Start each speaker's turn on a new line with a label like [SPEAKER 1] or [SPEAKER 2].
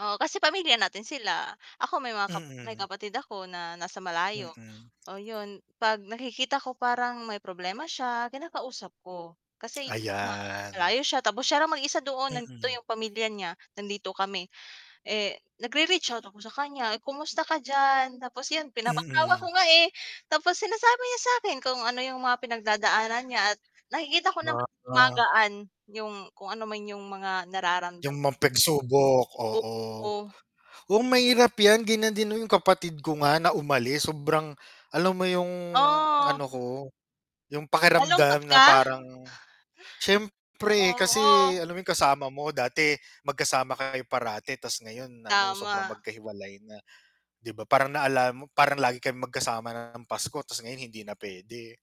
[SPEAKER 1] Oo kasi pamilya natin sila, ako may mga kap may
[SPEAKER 2] Mm.
[SPEAKER 1] kapatid ako na nasa malayo
[SPEAKER 2] Mm.
[SPEAKER 1] oo yun, 'pag nakikita ko parang may problema siya, kinakausap ko. Kasi uh
[SPEAKER 2] Ayan.
[SPEAKER 1] malayo siya tapos siya lang mag-isa doon, nandito
[SPEAKER 2] Mm.
[SPEAKER 1] yung pamilya niya, nandito kami, eh, nagre-reach out ako sa kanya, "Kumusta ka diyan," tapos yun pinapatawa ko
[SPEAKER 2] Mm.
[SPEAKER 1] nga, eh, tapos sinasabi niya sa akin kung ano yung mga pinag-dadaanan niya at nakikita ko naman
[SPEAKER 2] [unintelligible]
[SPEAKER 1] gumagaan yung kung ano man yung mga nararamdaman
[SPEAKER 2] Yung ma pag-subok oo,
[SPEAKER 1] Oo.
[SPEAKER 2] oo mahirap 'yan ganiyan din 'yong kapatid ko nga na umalis sobrang, alam mo yong
[SPEAKER 1] Oh.
[SPEAKER 2] ano ko, 'yong
[SPEAKER 1] Malungkot
[SPEAKER 2] pakiramdam na
[SPEAKER 1] ka?
[SPEAKER 2] parang, siyempre
[SPEAKER 1] Oo.
[SPEAKER 2] kasi alam mo 'yong kasama mo dati, mag-kasama kayo parati ta's ngayon ano sobrang
[SPEAKER 1] Tama.
[SPEAKER 2] magka-hiwalay na, 'di ba parang naalala mo, "Parang lagi kaming magkasama na ng Pasko tapos ngayon hindi na puwede?"